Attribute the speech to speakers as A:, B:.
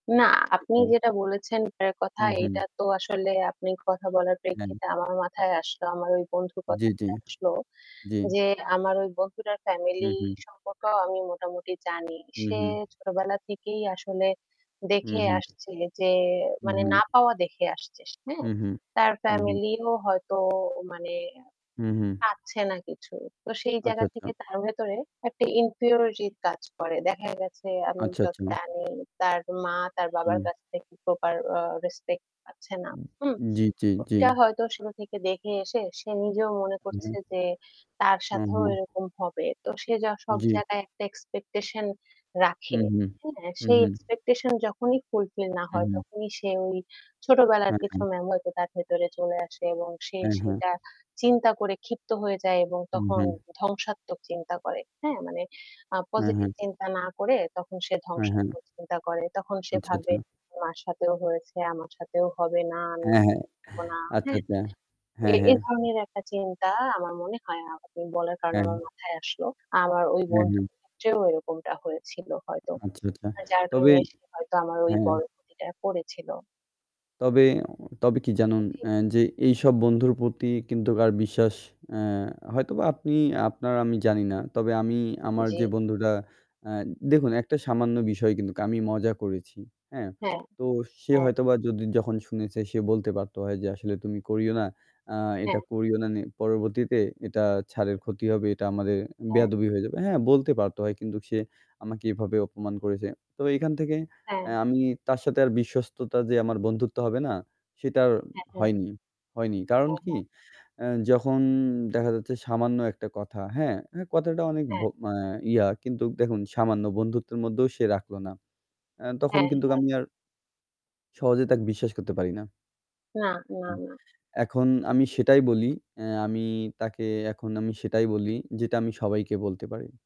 A: না আপনি
B: সেটাই।
A: যেটা বলেছেন এটার
B: হু,
A: কথাটা এইটা
B: হু।
A: তো আসলে আপনি কথা বলার
B: হুম।
A: প্রেক্ষিতে আমার মাথায় আসলো, আমার ওই বন্ধুর
B: জ্বী, জ্বী।
A: কথাটা আসলো।
B: জ্বী।
A: যে আমার ওই বন্ধুটার
B: হু,
A: ফ্যামিলি
B: হু।
A: সম্পর্কেও আমি মোটামুটি জানি।
B: হু,
A: সে
B: হু।
A: ছোটবেলা থেকেই আসলে
B: হু,
A: দেখে
B: হু।
A: আসছে যে
B: হু,
A: মানে না
B: হু।
A: পাওয়া দেখে আসছে সে হ্যাঁ?
B: হু, হু।
A: তার
B: হু, হু।
A: ফ্যামিলিও হয়তো মানে
B: হু, হু।
A: পাচ্ছে না কিছু। তো সেই
B: আচ্ছা,
A: জায়গা
B: আচ্ছা।
A: থেকে তার ভেতরে একটা ইনফিউরিটি কাজ করে। দেখা গেছে আমি
B: আচ্ছা,
A: যত
B: আচ্ছা।
A: জানি তার মা তার বাবার
B: হুম।
A: কাছ থেকে প্রপার আ রেসপেক্ট পাচ্ছে না।
B: উম
A: হুম?
B: জ্বী, জ্বী,
A: তো
B: জ্বী।
A: এটা হয়তো শুরু থেকে দেখে এসে সে নিজেও মনে
B: হু, হু।
A: করছে যে তার সাথেও
B: [unintelligible]
A: এরকম হবে। তো সে জা সব
B: জ্বি।
A: জায়গায় একটা এক্সপেকটেশন
B: হুম,
A: রাখে।
B: হুম।
A: হ্যাঁ
B: হুম,
A: সেই
B: হুম।
A: এক্সপেকটেশন যখনই ফুলফিল না
B: হু,
A: হয়
B: হু।
A: তখনই সে ওই ছোটবেলার
B: হ্যাঁ,
A: কিছু
B: হ্যাঁ।
A: মেমো হয়তো তার ভেতরে চলে আসে এবং সে
B: হ্যাঁ, হ্যাঁ।
A: সেটা চিন্তা করে ক্ষিপ্ত হয়ে যায় এবং
B: হু,
A: তখন
B: হ্যাঁ।
A: ধ্বংসাত্মক চিন্তা করে। হ্যাঁ মানে আ
B: হ্যাঁ,
A: পজিটিভ
B: হ্যাঁ।
A: চিন্তা না করে তখন সে
B: হ্যাঁ, হ্যাঁ।
A: ধ্বংসাত্মক চিন্তা করে। তখন সে
B: আচ্ছা
A: ভাবে,"
B: আচ্ছা।
A: মার সাথেও হয়েছে, আমার সাথেও হবে, না, আমি
B: হ্যাঁ, হ্যাঁ।
A: থাকব না।"
B: আচ্ছা,
A: হ্যাঁ।
B: আচ্ছা।
A: এ
B: হ্যাঁ,
A: এ
B: হ্যাঁ।
A: ধরনের একটা চিন্তা আমার মনে হয় আপনি বলার কারণে আমার
B: হ্যাঁ।
A: মাথায় আসলো। আমার ওই
B: হ্যাঁ, হ্যাঁ।
A: বন্ধুর ক্ষেত্রেও এরকমটা হয়েছিল হয়তো।
B: আচ্ছা, আচ্ছা।
A: আর যার
B: তবে
A: কারণে সে হয়তো আমার
B: হ্যাঁ।
A: বড় ক্ষতিটা করেছিল।
B: তবে তবে কি জানেন
A: জ্বী।
B: এ যে এইসব বন্ধুর প্রতি কিন্তু কার বিশ্বাস আ হয়তোবা আপনি আপনার আমি জানি না তবে আমি আমার
A: জ্বী।
B: যে বন্ধুটা আ দেখুন একটা সামান্য বিষয় কিন্তু আমি মজা করেছি হ্যাঁ?
A: হ্যাঁ,
B: তো সে
A: হ্যাঁ।
B: হয়তোবা যদি যখন শুনেছে সে বলতে পারতো হয় যে আসলে তুমি করিও না। আ এটা
A: হ্যাঁ।
B: করিও না নি পরবর্তীতে এটা ছাড়ের ক্ষতি হবে এটা আমাদের
A: হ্যাঁ।
B: বেয়াদবি হয়ে যাবে। হ্যাঁ বলতে পারতে হয় কিন্তু সে আমাকে এভাবে অপমান করেছে। তবে এখান থেকে এ
A: হ্যাঁ।
B: আমি তার সাথে আর বিশ্বস্ততা যে আমার বন্ধুত্ব হবে না সেটা আর
A: হ্যাঁ, হ্যাঁ।
B: হয়নি হয়নি। কারণ
A: হ্যাঁ,
B: কি
A: হ্যাঁ।
B: আ যখন দেখা যাচ্ছে সামান্য একটা কথা হ্যাঁ? হ্যাঁ কথাটা অনেক ভ
A: হ্যাঁ।
B: মানে ইয়া কিন্তু দেখুন সামান্য বন্ধুত্বের মধ্যেও সে রাখলো না। আ তখন
A: হ্যাঁ,
B: কিন্তু
A: হ্যাঁ।
B: আমি আর সহজে তাকে বিশ্বাস করতে পারি না।
A: না, না,
B: হুম।
A: না।
B: এখন আমি সেটাই বলি আ আমি তাকে এখন আমি সেটাই বলি যেটা আমি সবাইকে বলতে পারি।